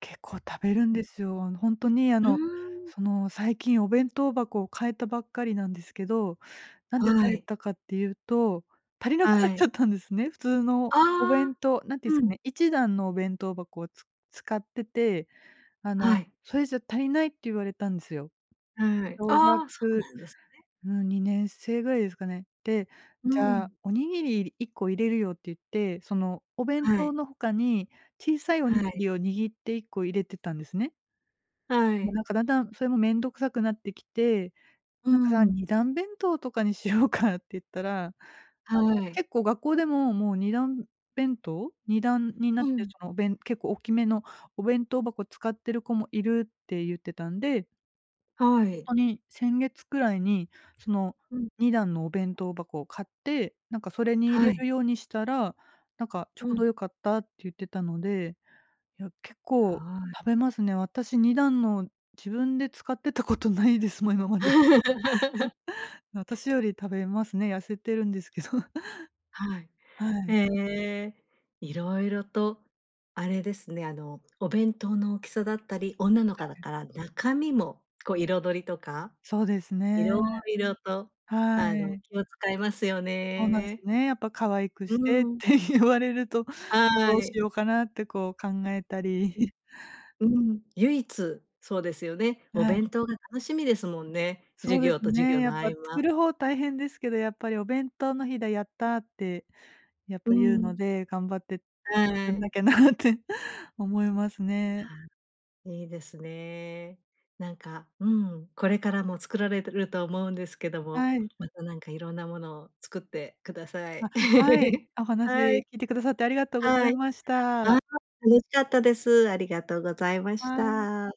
結構、食べるんうでん。すよ。あの、ほんとに、あうーの、ん。その、最近お弁当箱を変えたばっかりなんですけど、なんでは変えい。たかっていうと、足りなくなっはちゃい。ったんですね。普通のあおあ。弁当、何て言うんすうかん。ね、一段のお弁当箱をつ使ってて、あはの、い。それじゃ「足りない」って言われたんですよ。はい。小ああ、そう学、なんですね。うん、2年生ぐらいですかね。で、うじゃあ、ん。おにぎりり1個入れるよって言って、そのお弁は当い。の他に小さいおはにぎい。りを握って1個入れてたんですね。はもうい。なんか、だんだんそれも面倒くさくなってきて、うなんか、だんん。二段弁当とかにしようか？って言ったら、あの、はい。結構、学校でも、もう二段弁当？二段になっうてん。そのおべん結構大きめのお弁当箱使ってる子もいるって言ってたんではい。ほんとに先月くらいに、そのうん。二段のお弁当箱を買って、なんかそれに入はれい。るようにしたら、なんかちょううどん。良かったって言ってたので、いや、結構はい。食べますね。私、二段の自分で使ってたことないです、もう今まで。な私より食べますね、痩せてるんですけど。はい。はい。ええ、色々とあれですね、あの、お弁当の大きさだったり、女の子はだい。から中身も、こう彩りとかそうですね。色々と、はあの、い。気を使いますよそうなんすね。ね、やっぱ可愛くうしーてっん。て言われると、はどうしい。ようかな？ってこう考えたり。うん。うん、唯一そうですよね。おはい。弁当が楽しみですもんね。そ授うで業すと授ね、業やのっ合ぱ、作間。る方大変ですけど、やっぱり「お弁当の日だ、やった！」って、やっうぱ言うのん。で、頑張ってつくはんい。なきゃなって思いますね。あ、いいですね。なんか、うん、これからも作られると思うんですけども、はい。また、なんかいろんなものを作ってください。あ、はい、おは話い。聞いてくださってありがとうござはいい。ましあた。あ、楽しかったです。ありがとうございましはい。た。